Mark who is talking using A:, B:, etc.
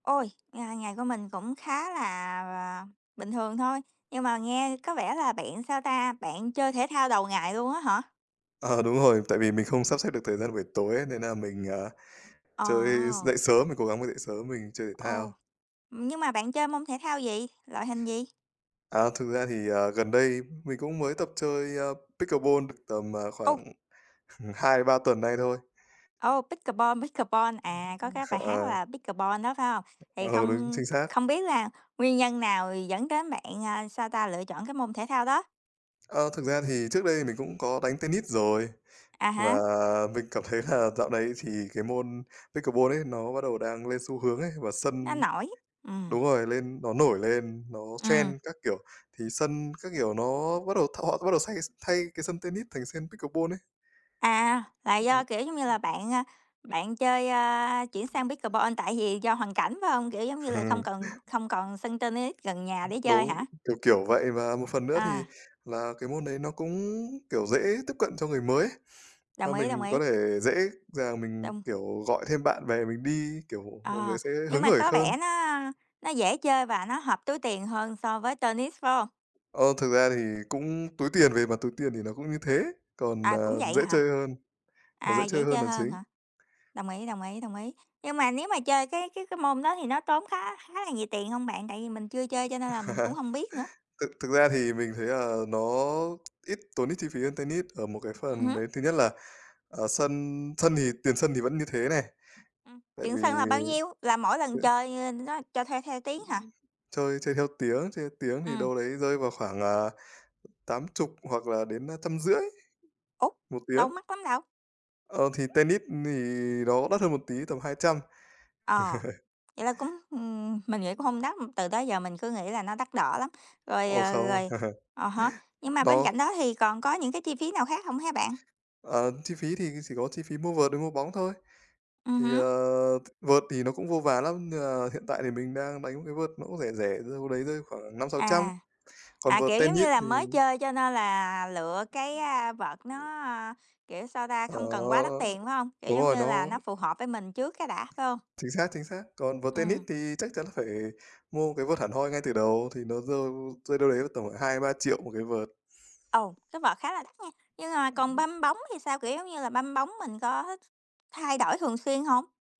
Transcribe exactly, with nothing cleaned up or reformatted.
A: Ôi, ngày ngày của mình cũng khá là bình thường thôi, nhưng mà nghe có vẻ là bạn sao ta, bạn chơi thể thao đầu ngày luôn á hả?
B: Ờ, đúng rồi, tại vì mình không sắp xếp được thời gian buổi tối ấy, nên là mình, à, chơi s
A: Ờ.
B: dậy sớm, mình cố gắng mình dậy sớm, mình chơi thể
A: Ồ,
B: thao.
A: nhưng mà bạn chơi môn thể thao gì? Loại hình gì?
B: À, thực ra thì, ờ, gần đây mình cũng mới tập chơi, ơ, pickleball được tầm, à,
A: Ô!
B: khoảng h hai đến ba tuần nay thôi.
A: Ô, pickeball, pickeball, à, có cái bài hát
B: Ờ.
A: là "Pickeball" đó, phải hông? Thì
B: Ờ, đúng,
A: không
B: chính xác.
A: không biết là nguyên nhân nào dẫn đến bạn, ờ, sao ta, lựa chọn cái môn thể thao đó?
B: Ơ, thực ra thì trước đây thì mình cũng có đánh tennis rồi
A: À há.
B: và mình cảm thấy là dạo này thì cái môn pickleball ấy nó bắt đầu đang lên xu hướng ấy, và
A: Nó
B: sân
A: nổi, ừm.
B: đúng rồi, lên nó nổi lên, nó trend
A: Ừm.
B: các kiểu, thì sân các kiểu nó bắt đầu t họ sẽ bắt đầu xay thay cái sân tennis thành sân pickleball ấy.
A: À, là
B: Ờ.
A: do, kiểu giống như là, bạn, a, bạn chơi, ơ, chuyển sang pickleball tại vì do hoàn cảnh phải hông, kiểu giống như là, không cần không còn sân tennis gần nhà để chơi
B: Đúng,
A: hả?
B: kiểu, kiểu vậy và một phần nữa
A: Ờ.
B: thì là cái môn đấy nó cũng, kiểu, dễ tiếp cận cho người mới ấy,
A: Đồng
B: ơ,
A: ý, đồng
B: mình có
A: ý.
B: thể dễ dàng mình,
A: Đông.
B: kiểu, gọi thêm bạn bè mình đi, kiểu, mọi
A: Ờ,
B: người sẽ
A: nhưng
B: hứng
A: mà
B: hởi
A: có
B: khơn.
A: vẻ nó nó dễ chơi và nó hợp túi tiền hơn so với tennis, phải hông?
B: Ơ, thực ra thì cũng túi tiền về mặt túi tiền thì nó cũng như thế, còn,
A: À, cũng
B: ờ,
A: vậy
B: dễ
A: hả?
B: chơi hơn, nó
A: À,
B: dễ
A: dễ
B: chơi hơn
A: chơi
B: là
A: hơn
B: chính.
A: hả? Đồng ý, đồng ý, đồng ý. Nhưng mà nếu mà chơi cái cái cái môn đó thì nó tốn khá khá là nhiều tiền hông bạn, tại vì mình chưa chơi cho nên là mình cũng hông biết nữa?
B: Thực thực ra thì mình thấy là nó ít tốn ít chi phí hơn tennis ở một cái
A: Ừm
B: phần
A: hứm.
B: đấy thứ nhất là, ờ, sân sân thì tiền sân thì vẫn như thế này,
A: Ừm,
B: tại
A: tiền
B: vì
A: sân là bao nhiêu? Là mỗi lần chơi nó cho thuê theo tiếng hả?
B: Chơi chơi theo tiếng, chơi theo tiếng thì
A: Ừm.
B: đâu đấy rơi vào khoảng, à, tám chục hoặc là đến trăm rưỡi
A: Ố!
B: một
A: Đâu
B: tiếng.
A: mắc lắm đâu?
B: Ờ, thì tennis thì nó đắt hơn một tí, tầm hai trăm.
A: Ờ, vậy là cũng ừm, mình nghĩ cũng không đắt, từ tới giờ mình cứ nghĩ là nó đắt đỏ lắm. Rồi,
B: Ồ,
A: ờ,
B: không.
A: rồi à há, nhưng mà bên
B: Nó
A: cạnh đó thì còn có những cái chi phí nào khác hông hả bạn?
B: Ờ, chi phí thì chỉ có chi phí mua vợt với mua bóng thôi.
A: Ừm
B: Thì,
A: hứm.
B: ờ, v vợt thì nó cũng vô vàn lắm, nên là hiện tại thì mình đang đánh một cái vợt nó cũng rẻ rẻ, rơi vào đấy rơi khoảng năm sáu trăm,
A: À,
B: còn
A: à,
B: vợt
A: kiểu giống
B: tennis
A: như là,
B: thì
A: mới chơi cho nên là lựa cái, a, vợt nó, kiểu, sao ta,
B: Ờ,
A: không cần quá đắt tiền, phải hông? Kiểu
B: đúng
A: giống
B: rồi,
A: như là,
B: nó
A: nó phù hợp với mình trước cái đã, phải hông?
B: Chính xác, chính xác. Còn vợt tennis
A: Ừm.
B: thì chắc chắn là phải mua một cái vợt hẳn hoi ngay từ đầu, thì nó rơi rơi đâu đấy vào tầm khoảng hai đến ba triệu một cái vợt.
A: Ồ, cái vợt khá là đắt nha. Nhưng mà còn banh bóng thì sao, kiểu giống như là, banh bóng mình có th thay đổi thường xuyên hông?